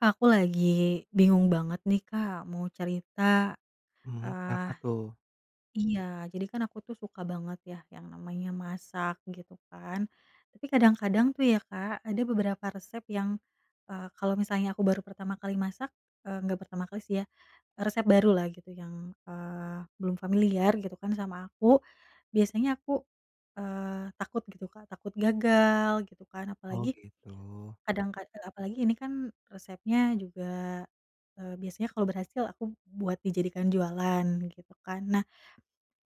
Aku lagi bingung banget nih Kak, mau cerita. Mhm, kenapa Ah tuh? iya, jadi kan aku tuh suka banget ya, yang namanya masak gitu kan, tapi kadang-kadang tuh ya Kak, ada beberapa resep yang, eee, kalau misalnya aku baru pertama kali masak eee, nggak pertama kali sih ya, resep baru lah gitu yang, eee, belum familiar gitu kan, sama aku, biasanya, aku, eee, takut gitu Kak, takut gagal gitu kan, Oh, apalagi gitu. kadang, ka e apalagi ini kan resepnya juga, eee, biasanya kalau berhasil aku buat dijadikan jualan, gitu kan. Nah,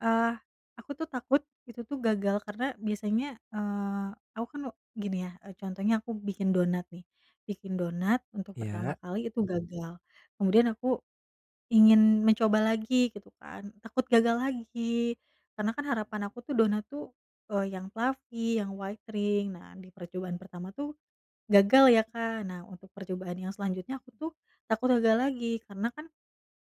eee, aku tuh takut, itu tuh gagal karena biasanya, eee, aku kan gini ya e contohnya aku bikin donat nih. Bikin donat untuk pertama Iya. kali itu gagal. Kemudian aku ingin mencoba lagi, gitu kan, takut gagal lagi. Karena kan harapan aku tuh donat tuh, eee, yang fluffy, yang white ring nah, di percobaan pertama tuh, gagal ya Kak. Nah untuk percobaan yang selanjutnya aku tuh, takut gagal lagi karena kan,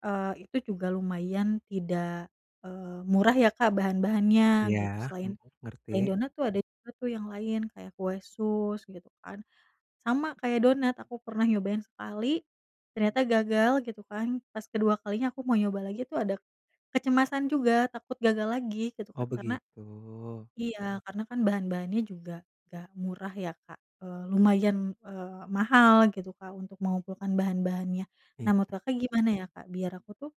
eee, itu juga lumayan tidak, eee, murah ya Kak bahan-bahannya, Iya, gitu. Selain hmm, ngerti. selain donat tuh ada juga tuh yang lain, kayak kue sus gitu kan, sama kayak donat, aku pernah nyobain sekali, ternyata gagal gitu kan, pas kedua kalinya aku mau nyoba lagi tuh ada kecemasan juga, takut gagal lagi gitu Oh, kan. Karena begitu. iya, karena kan bahan-bahannya juga nggak murah ya Kak, eee, lumayan, eee, mahal gitu Kak untuk mengumpulkan bahan-bahannya. Nah, menurut Iya. Kakak gimana ya Kak biar aku tuh,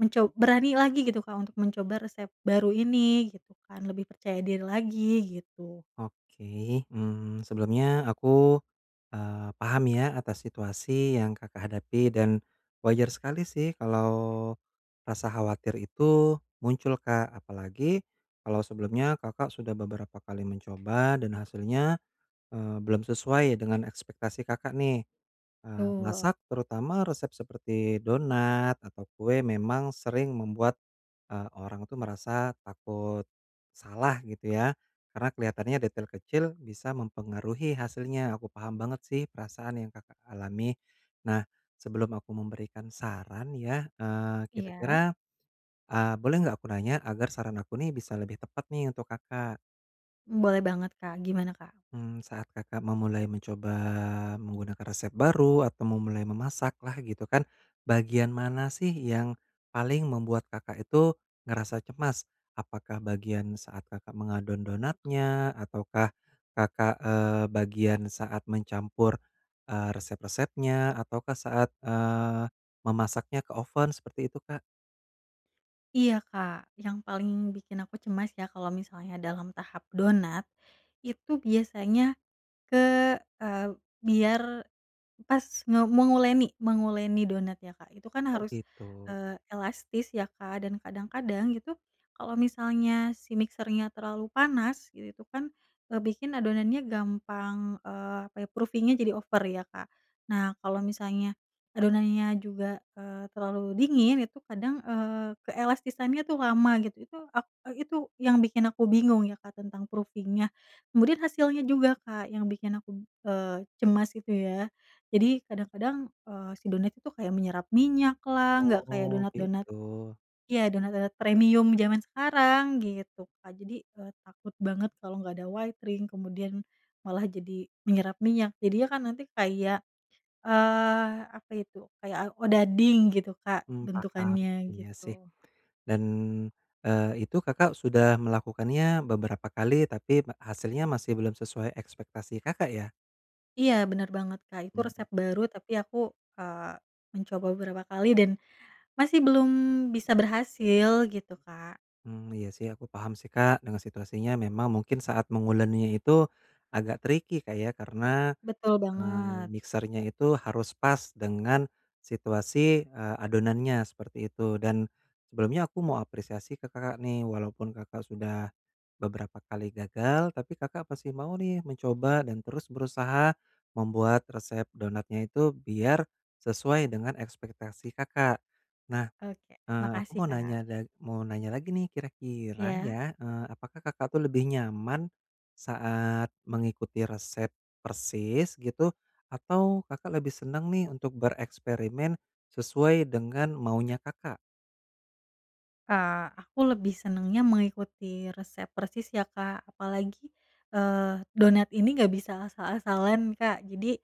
menco berani lagi gitu Kak untuk mencoba resep baru ini, gitu kan, lebih percaya diri lagi, gitu. Oke, mmm, sebelumnya aku, eee, paham ya atas situasi yang Kakak hadapi dan wajar sekali sih kalau rasa khawatir itu muncul Kak, apalagi kalo sebelumnya Kakak sudah beberapa kali mencoba dan hasilnya, eee, belum sesuai dengan ekspektasi Kakak nih. Eee, Betul. masak, terutama resep seperti donat atau kue memang sering membuat, eee, orang itu merasa takut salah gitu ya, karena kelihatannya detail kecil bisa mempengaruhi hasilnya. Aku paham banget sih perasaan yang Kakak alami. Nah, sebelum aku memberikan saran ya, eee, Iya. kira-kira, eee, boleh nggak aku nanya agar saran aku nih bisa lebih tepat nih untuk Kakak. Boleh banget Kak, gimana Kak? Mmm, saat Kakak memulai mencoba menggunakan resep baru atau memulai memasak lah, gitu kan, bagian mana sih yang paling membuat Kakak itu ngerasa cemas? Apakah bagian saat Kakak mengadon donatnya? Ataukah Kakak, eee, bagian saat mencampur, eee, resep-resepnya? Ataukah saat, eee, memasaknya ke oven seperti itu Kak? Iya Kak, yang paling bikin aku cemas ya kalau misalnya dalam tahap donat, itu biasanya ke eee, biar pas nge menguleni menguleni donat ya Kak, itu kan Oh harus, gitu. eee, elastis ya Kak, dan kadang-kadang itu, kalau misalnya si mixer-nya terlalu panas itu kan, eee, bikin adonannya gampang, eee, apa ya, proofing-nya jadi over ya, Kak. Nah kalau misalnya adonannya juga, eee, terlalu dingin, itu kadang, eee, keelastisannya tuh lama gitu, itu, ak e itu yang bikin aku bingung ya Kak tentang proofing-nya. Kemudian hasilnya juga Kak yang bikin aku, eee, cemas, gitu ya. Jadi, kadang-kadang, eee, si donat itu kayak menyerap minyak lah, nggak kayak Oh donat-donat gitu. ya donat-donat premium zaman sekarang, gitu, Kak. Jadi, eee, takut banget kalau nggak ada white ring kemudian malah jadi menyerap minyak jadinya kan nanti kayak, eee, kayak apa itu, kayak a odading gitu Kak Hmm paham, bentukannya, iya sih, gitu. dan, eee, itu Kakak sudah melakukannya beberapa kali tapi ma hasilnya masih belum sesuai ekspektasi Kakak ya? Iya benar banget Kak, itu resep Hmm. baru tapi aku, eee, mencoba beberapa kali dan masih belum bisa berhasil gitu, Kak. Hmm, iya sih aku paham sih Kak dengan situasinya memang mungkin saat menguleninya itu agak tricky Kak ya, karena, Betul eee, banget. mixer-nya itu harus pas dengan situasi, eee, adonannya seperti itu. Dan, sebelumnya aku mau apresiasi ke Kakak nih, walaupun Kakak sudah beberapa kali gagal, tapi Kakak masih mau nih mencoba dan terus berusaha membuat resep donatnya itu biar sesuai dengan ekspektasi Kakak. Nah, Oke, eee, aku makasih, mau Kak. nanya dag mau nanya lagi nih kira-kira Iya. ya, eee, apakah Kakak tuh lebih nyaman saat mengikuti resep persis, gitu, atau Kakak lebih senang nih untuk bereksperimen sesuai dengan maunya Kakak? Kak, aku lebih senangnya mengikuti resep persis ya Kak, apalagi, eee, donat ini nggak bisa asal-asalan Kak, jadi,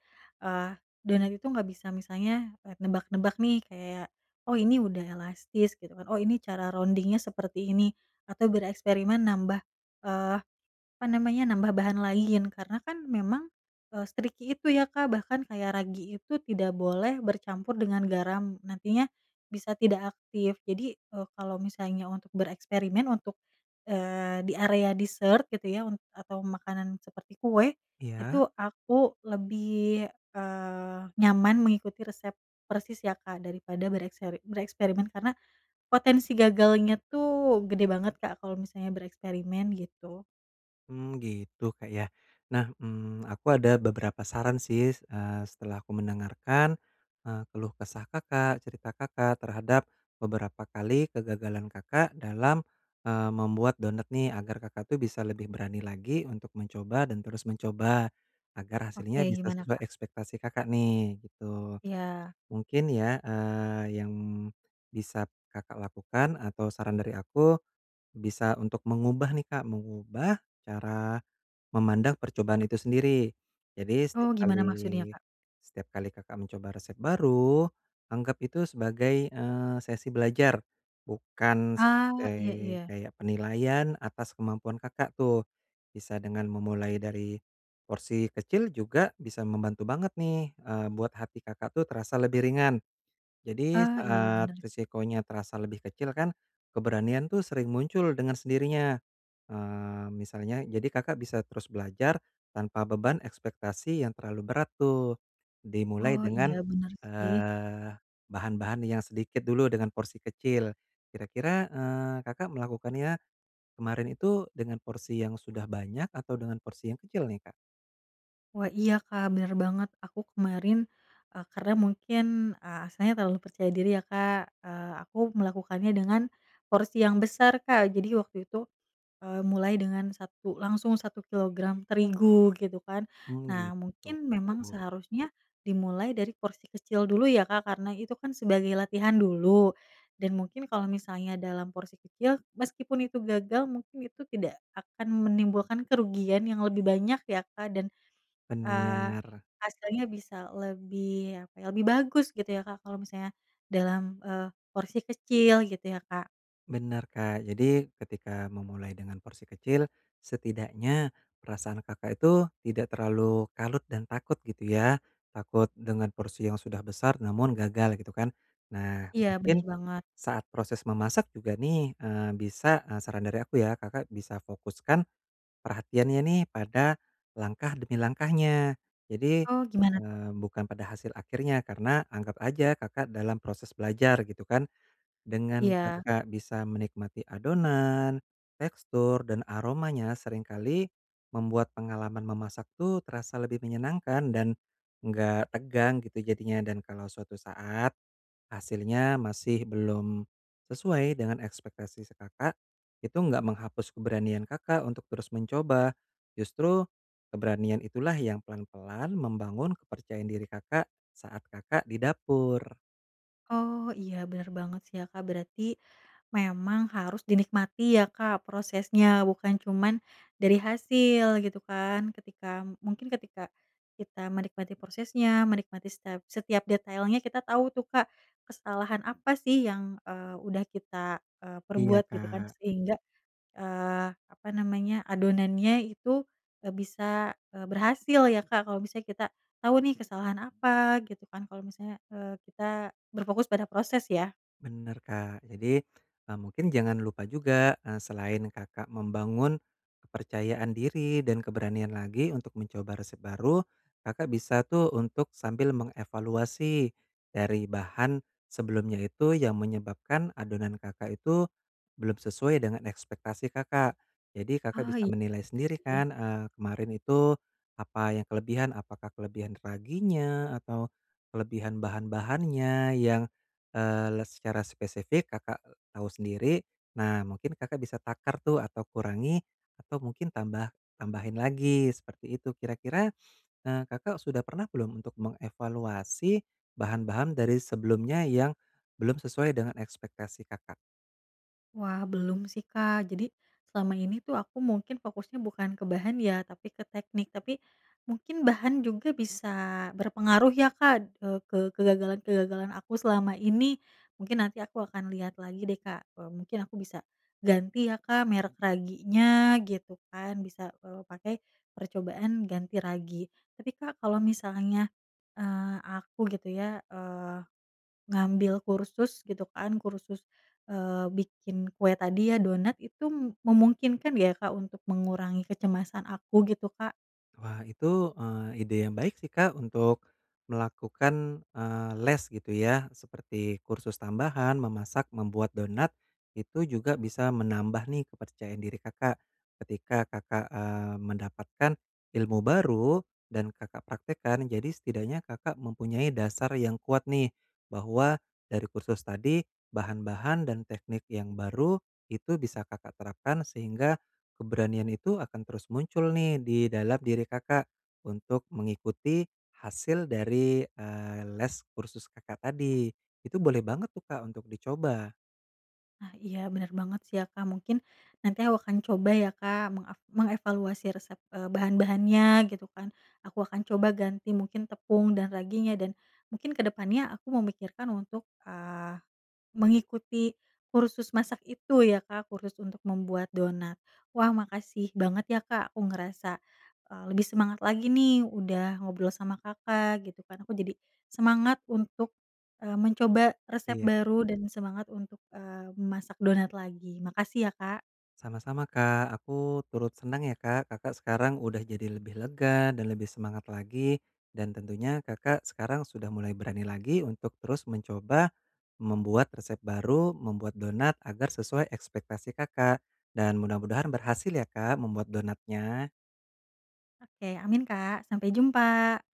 eee, donat itu nggak bisa misalnya nebak-nebak nih kayak, "Oh ini udah elastis." gitu kan, "Oh ini cara rounding-nya seperti ini." atau bereksperimen nambah, eee, apa namanya, nambah bahan lain, karena kan, memang, eee, se-tricky itu ya Kak. Bahkan kayak ragi itu tidak boleh bercampur dengan garam, nantinya bisa tidak aktif, jadi, eee, kalau misalnya untuk bereksperimen untuk, eee, di area dessert gitu ya, unt atau makanan seperti kue, Iya. itu aku lebih, eee, nyaman mengikuti resep persis ya Kak, daripada berekspe bereksperimen, karena potensi gagalnya tuh gede banget Kak kalau misalnya bereksperimen, gitu. Hmm gitu Kak yah, nah, hmm, aku ada beberapa saran sih, eee, setelah aku mendengarkan, eee, keluh kesah Kakak, cerita Kakak terhadap beberapa kali kegagalan Kakak dalam, eee, membuat donat nih, agar Kakak tuh bisa lebih berani lagi untuk mencoba dan terus mencoba, agar hasilnya Oke, bisa gimana sesuai Kak? ekspektasi Kakak nih, gitu. Iya. Mungkin ya, eee, yang bisa Kakak lakukan atau saran dari aku, bisa untuk mengubah nih Kak, mengubah cara memandang percobaan itu sendiri. Jadi Oh setiap gimana kali maksudnya Kak? setiap kali Kakak mencoba resep baru, anggap itu sebagai, eee, sesi belajar, bukan Ah iya sebagai iya. kayak penilaian atas kemampuan Kakak tuh, bisa dengan memulai dari porsi kecil juga bisa membantu banget nih, eee, buat hati Kakak tuh terasa lebih ringan. Jadi Ah iya saat benar. resikonya terasa lebih kecil kan, keberanian tuh sering muncul dengan sendirinya. Eee, misalnya jadi Kakak bisa terus belajar tanpa beban ekspektasi yang terlalu berat tuh dimulai Oh dengan, iya benar sih. eee, bahan-bahan yang sedikit dulu dengan porsi kecil. Kira-kira, eee, Kakak melakukannya kemarin itu dengan porsi yang sudah banyak atau dengan porsi yang kecil nih Kak? Wah iya Kak benar banget, aku kemarin, eee, karena mungkin, eee, asalnya terlalu percaya diri ya Kak, ah, aku melakukannya dengan porsi yang besar Kak, jadi waktu itu, eee, mulai dengan satu, langsung 1 kilogram terigu, gitu kan. Hmm Nah gitu. mungkin memang Oh. seharusnya dimulai dari porsi kecil dulu ya Kak, karena itu kan sebagai latihan dulu, dan mungkin kalau misalnya dalam porsi kecil, meskipun itu gagal mungkin itu tidak akan menimbulkan kerugian yang lebih banyak ya Kak, dan, eee, Benar. hasilnya bisa lebih, apa ya, lebih bagus gitu ya Kak, kalau misalnya dalam, eee, porsi kecil gitu ya Kak? Benar Kak, jadi ketika memulai dengan porsi kecil, setidaknya perasaan Kakak itu tidak terlalu kalut dan takut gitu ya, takut dengan porsi yang sudah besar namun gagal gitu kan. Nah, Iya, benar mungkin banget. saat proses memasak juga nih, eee, bisa eee, saran dari aku ya, Kakak bisa fokuskan perhatiannya nih pada langkah demi langkahnya. Jadi, Oh, gimana tuh? eee, bukan pada hasil akhirnya, karena anggap aja Kakak dalam proses belajar gitu kan, dengan Iya. Kakak bisa menikmati adonan, tekstur, dan aromanya seringkali membuat pengalaman memasak tuh terasa lebih menyenangkan dan nggak tegang gitu jadinya, dan kalau suatu saat, hasilnya masih belum sesuai dengan ekspektasi si Kakak, itu enggak menghapus keberanian Kakak untuk terus mencoba. Justru, keberanian itulah yang pelan-pelan membangun kepercayaan diri Kakak, saat Kakak di dapur. Oh, iya benar banget sih ya Kak, berarti, memang harus dinikmati ya Kak prosesnya, bukan cuman dari hasil, gitu kan. Ketika mungkin ketika kita menikmati prosesnya, menikmati setep setiap detailnya kita tau tuh Kak, kesalahan apa sih yang, eee, udah kita, eee, Iya perbuat, gitu kan. Kak. Sehingga, eee, apa namanya, adonannya itu nggak bisa, eee, berhasil ya Kak. Kalau misalnya kita tau nih kesalahan apa, gitu kan, kalau misalnya, eee, kita berfokus pada proses ya. Benar Kak, jadi, e mungkin jangan lupa juga, e selain Kakak membangun kepercayaan diri dan keberanian lagi untuk mencoba resep baru, Kakak bisa tuh untuk sambil mengevaluasi dari bahan sebelumnya itu yang menyebabkan adonan Kakak itu, belum sesuai dengan ekspektasi Kakak. Jadi Kakak Ah bisa iya menilai sendiri deh. kan, eee, kemarin itu apa yang kelebihan, apakah kelebihan raginya atau kelebihan bahan bahannya yang, eee, les secara spesifik Kakak tahu sendiri, nah mungkin Kakak bisa takar tuh atau kurangi, atau mungkin tambah tambahin lagi seperti itu. Kira kira, eee, Kakak sudah pernah belum untuk mengevaluasi bahan-bahan dari sebelumnya yang belum sesuai dengan ekspektasi Kakak? Wah belum sih Kak, jadi selama ini tuh aku mungkin fokusnya bukan ke bahan ya, tapi ke teknik. Tapi, mungkin bahan juga bisa berpengaruh ya Kak, e ke kegagalan-kegagalan aku selama ini. Mungkin nanti aku akan lihat lagi deh Kak, e mungkin aku bisa ganti ya Kak merek raginya, gitu kan, bisa, eee, pakai percobaan ganti ragi. Tapi Kak kalau misalnya, eee, aku gitu ya, eee, ngambil kursus gitu kan kursus, eee, bikin kue tadi ya donat itu memungkinkan ya Kak untuk mengurangi kecemasan aku, gitu Kak? Wah itu, eee, ide yang baik sih Kak, untuk melakukan, eee, les gitu ya, seperti kursus tambahan memasak membuat donat, itu juga bisa menambah nih kepercayaan diri Kakak, ketika Kakak, eee, mendapatkan ilmu baru dan Kakak praktekkan. Jadi setidaknya Kakak mempunyai dasar yang kuat nih, bahwa dari kursus tadi, bahan-bahan dan teknik yang baru itu bisa Kakak terapkan, sehingga, keberanian itu akan terus muncul nih di dalam diri Kakak, untuk mengikuti hasil dari, eee, les kursus Kakak tadi. Itu boleh banget tuh Kak untuk dicoba. Ah, iya benar banget sih ya Kak, mungkin nanti aku akan coba ya Kak, mengak mengevaluasi resep, eee, bahan-bahannya gitu kan, aku akan coba ganti mungkin tepung dan raginya dan, mungkin kedepannya aku memikirkan untuk, eee, mengikuti kursus masak itu ya Kak, kursus untuk membuat donat. Wah makasih banget ya Kak, aku ngerasa, eee, lebih semangat lagi nih udah ngobrol sama Kakak gitu kan, aku jadi semangat untuk, eee, mencoba resep Iya. baru dan semangat untuk, eee, memasak donat lagi. Makasih ya Kak. Sama-sama Kak, aku turut senang ya Kak, Kakak sekarang udah jadi lebih lega dan lebih semangat lagi, dan tentunya Kakak sekarang sudah mulai berani lagi untuk terus mencoba membuat resep baru, membuat donat agar sesuai ekspektasi Kakak. Dan mudah-mudahan berhasil ya Kak membuat donatnya. Oke, amin Kak. Sampai jumpa.